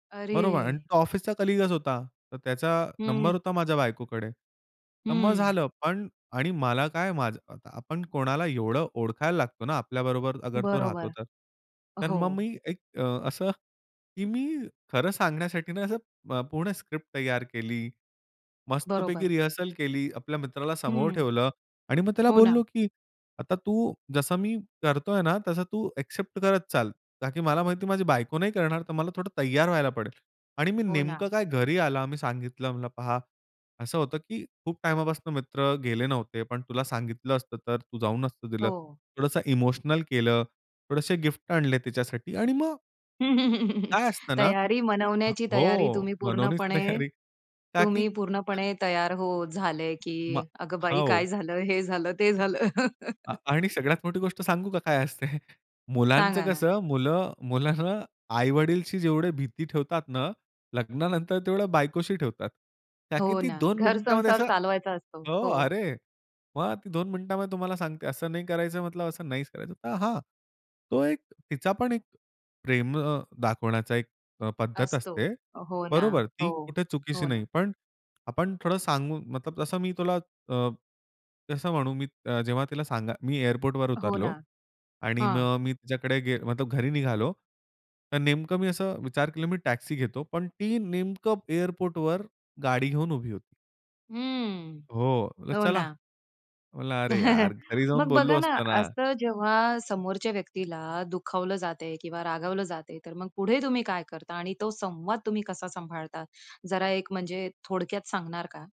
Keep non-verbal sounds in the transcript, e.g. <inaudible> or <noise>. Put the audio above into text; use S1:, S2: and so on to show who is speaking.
S1: बरोबर. आणि
S2: अरे!
S1: तो ऑफिसचा कलीगच होता. तर त्याचा नंबर
S2: हं.
S1: होता माझ्या बायकोकडे. तर मग
S2: हं.
S1: झालं पण आणि मला काय, माझ आपण कोणाला एवढं ओळखायला लागतो ना, आपल्याबरोबर अगर तो राहतो
S2: बरोबर.
S1: तर. तर मग
S2: हो.
S1: मी एक अ, असं, की मी खरं सांगण्यासाठी ना, असं अ, पूर्ण स्क्रिप्ट तयार केली. मस्तपैकी
S2: बरोबर.
S1: रिहर्सल केली. आपल्या मित्राला समोर
S2: हं,
S1: ठेवलं आणि मग त्याला
S2: हो ना.
S1: बोललो, की आता तू जसं मी करतोय ना, तसं तू अ‍ॅक्सेप्ट करत चाल. का की मला माहिती माझी बायको नाही करणार तर मला थोडं तयार व्हायला पडेल आणि मी
S2: हो
S1: नेमकं
S2: ना.
S1: काय, घरी आला मी सांगितलं म्हणला, "पहा, असं होतं की खूप टाईमापासून मित्र गेले नव्हते, पण तुला सांगितलं असतं, तर तू जाऊ नसतं दिलं."
S2: हो.
S1: थोडंसं इमोशनल केलं, थोडेसे गिफ्ट आणले तिच्यासाठी आणि मग
S2: <chuckles>
S1: काय असतं ना
S2: तयारी, मनवण्याची
S1: हो,
S2: तयारी तुम्ही
S1: मनवनीच
S2: पूर्णपणे,
S1: तयारी का की
S2: तुम्ही पूर्णपणे तयार हो, झालंय की
S1: मा
S2: "अगं बाई,
S1: हो.
S2: काय झालं, हे झालं, ते झालं."
S1: आ
S2: <chuckles>
S1: आणि सगळ्यात मोठी गोष्ट सांगू का, काय असते. <chuckles> मुलांचं
S2: सांगा ना.
S1: कसं मुलं मुलांना आई-वडिलशी जेवढी भीती ठेवतात ना, लग्नानंतर तेवढ्या बायकोशी ठेवतात. त्या
S2: हो
S1: किती
S2: ना.
S1: 2 मिनिटांमध्ये
S2: घरसंसार
S1: असं
S2: चालवायचा असतो.
S1: हो,
S2: हो.
S1: अरे, मग ती 2 मिनिटांमध्ये तुम्हाला सांगते. असं नाही करायचं म्हटलं, असं नाहीच करायचं. तर हां, तो एक तिचा पण एक प्रेम अ, दाखवण्याचा एक अ, पद्धत
S2: असतो.
S1: असते.
S2: हो ना,
S1: बरोबर. ती
S2: हो,
S1: कुठे चुकीची
S2: हो ना.
S1: नाही, पण आपण थोडं सांगू मतलब तसं मी तुला, अ, तसं म्हणू अ, मी जेव्हा तिला सांगा मी एअरपोर्टवर
S2: हो
S1: उतरलो
S2: ना.
S1: आणि
S2: हां.
S1: मग मी तिच्याकडे, गे मतलब घरी निघालो, तर नेमकं मी असं विचार केला, मी टॅक्सी घेतो, पण ती नेमकं एअरपोर्टवर गाडी घेऊन उभी होती.
S2: हम्म.
S1: हो,
S2: हो
S1: चला.
S2: ना.
S1: म्हटलं, "अरे यार,
S2: <chuckles>
S1: घरी जाऊन
S2: मग
S1: बोललो
S2: बघा ना,
S1: असतो ना."
S2: असं जेव्हा समोरच्या व्यक्तीला दुखावलं जाते किंवा रागवलं जातंय, तर मग पुढे तुम्ही काय करता आणि तो संवाद तुम्ही कसा सांभाळता, जरा एक म्हणजे थोडक्यात सांगणार का?